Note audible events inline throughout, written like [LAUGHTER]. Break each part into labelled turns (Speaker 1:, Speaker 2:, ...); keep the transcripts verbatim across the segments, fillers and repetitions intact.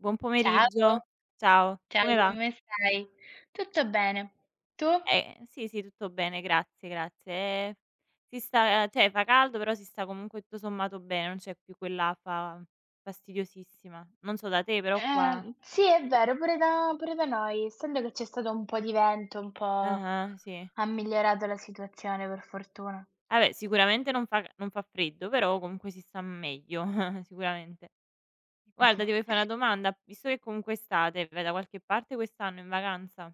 Speaker 1: Buon
Speaker 2: Ciao,
Speaker 1: pomeriggio, ciao.
Speaker 2: ciao
Speaker 1: Come va?
Speaker 2: come stai? Tutto bene, tu?
Speaker 1: Ehm, sì, sì tutto bene grazie, grazie. E si sta ceh fa caldo però si sta comunque tutto sommato bene, non c'è più quell'afa fastidiosissima. Non so da te però qua
Speaker 2: Ehm, sì è vero pure da pure da noi. Essendo che c'è stato un po' di vento, un po'
Speaker 1: Ah-ah, sì.
Speaker 2: ha migliorato la situazione per fortuna.
Speaker 1: Ah beh, sicuramente non fa c non fa freddo, però comunque si sta meglio [CHUCKLES] sicuramente. Guarda ti voio fà una
Speaker 2: [CHUCKLES]
Speaker 1: domanda, visto che comunque è estate, vai da qualche parte quest'anno in vacanza?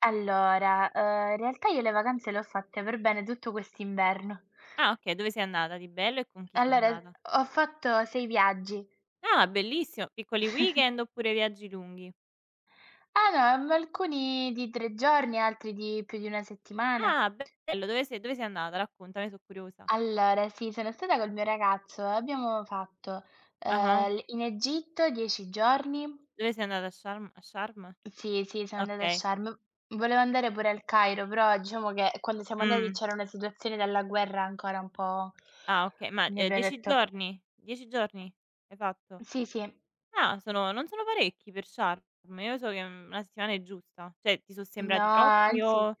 Speaker 2: Allora, uhm, in realtà io le vacanze le ho fatte per bene tutto quest'inverno.
Speaker 1: Ah okay, dove sei andata di bello e con chi sei
Speaker 2: Allora
Speaker 1: andata?
Speaker 2: ho fatto sei viaggi.
Speaker 1: Ah bellissimo, piccoli
Speaker 2: [CHUCKLES]
Speaker 1: weekend oppure viaggi lunghi?
Speaker 2: alloa, mhmm, alcuni di tre giorni, altri di più di una settimana.
Speaker 1: Ah bello, dove sei dove sei andata. Raccontami, eh so' curiosa.
Speaker 2: Allora sì, sono stata col mio ragazzo e abbiamo fatto,
Speaker 1: Ah-ah.
Speaker 2: ehm, l in Egitto dieci giorni.
Speaker 1: Dove sei andata, a Sharm a Sharm?
Speaker 2: Sì, sì, sono andata a
Speaker 1: Okay.
Speaker 2: Sharm, v volevo andare pure al Cairo però diciamo che quando siamo andati
Speaker 1: Mh.
Speaker 2: c'era una situazione dalla guerra ancora un po'
Speaker 1: Ah okay, ma, ehm, dieci
Speaker 2: [UNINTELLIGIBLE]
Speaker 1: giorni? dieci giorni hai fatto?
Speaker 2: Sì, sì.
Speaker 1: Ah sono non sono parecchi per Sharm? Io so che, mhmm, una settimana è giusta, ceh ti so
Speaker 2: No,
Speaker 1: sembrati troppi
Speaker 2: anzi,
Speaker 1: o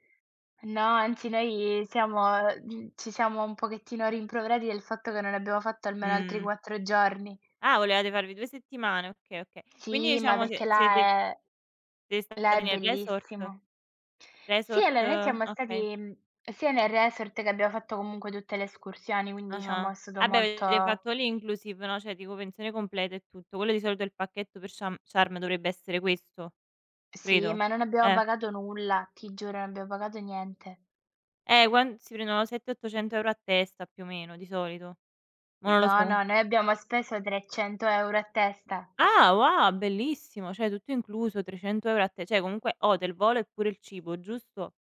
Speaker 2: no, anzi noi siamo mhmm, ci siamo un pochettino rimproverati del fatto che non abbiamo fatto almeno altri
Speaker 1: Mh.
Speaker 2: quattro giorni.
Speaker 1: Ah, volevate farvi due settimane, okay, okay. Quindi
Speaker 2: Sì, ma
Speaker 1: diciamo
Speaker 2: perché
Speaker 1: sie
Speaker 2: là
Speaker 1: siete
Speaker 2: è
Speaker 1: siete
Speaker 2: là è
Speaker 1: stati nel resort?
Speaker 2: bellissimo. Sì
Speaker 1: Resort
Speaker 2: allora noi siamo
Speaker 1: okay.
Speaker 2: stati, mhmm, sia nel resort, che abbiamo fatto comunque tutte le escursioni, quindi diciamo
Speaker 1: Ah-ah,
Speaker 2: è stato
Speaker 1: ah beh
Speaker 2: molto
Speaker 1: avete fatto all inclusive, no, ceh dico pensione completa e tutto. Quello di solito è il pacchetto per Sham Sharm dovrebbe essere questo,
Speaker 2: Sì,
Speaker 1: credo,
Speaker 2: ma non abbiamo
Speaker 1: eh.
Speaker 2: pagato nulla, ti giuro, non abbiamo pagato niente.
Speaker 1: Eh quan si prendono sette ottocento euro a testa più o meno di solito, mò non lo
Speaker 2: No,
Speaker 1: so.
Speaker 2: no, noi abbiamo speso trecento euro a testa.
Speaker 1: Ah wo bellissimo, ceh tutto incluso, trecento euro a te cioè comunque hotel volo e pure il cibo, giusto?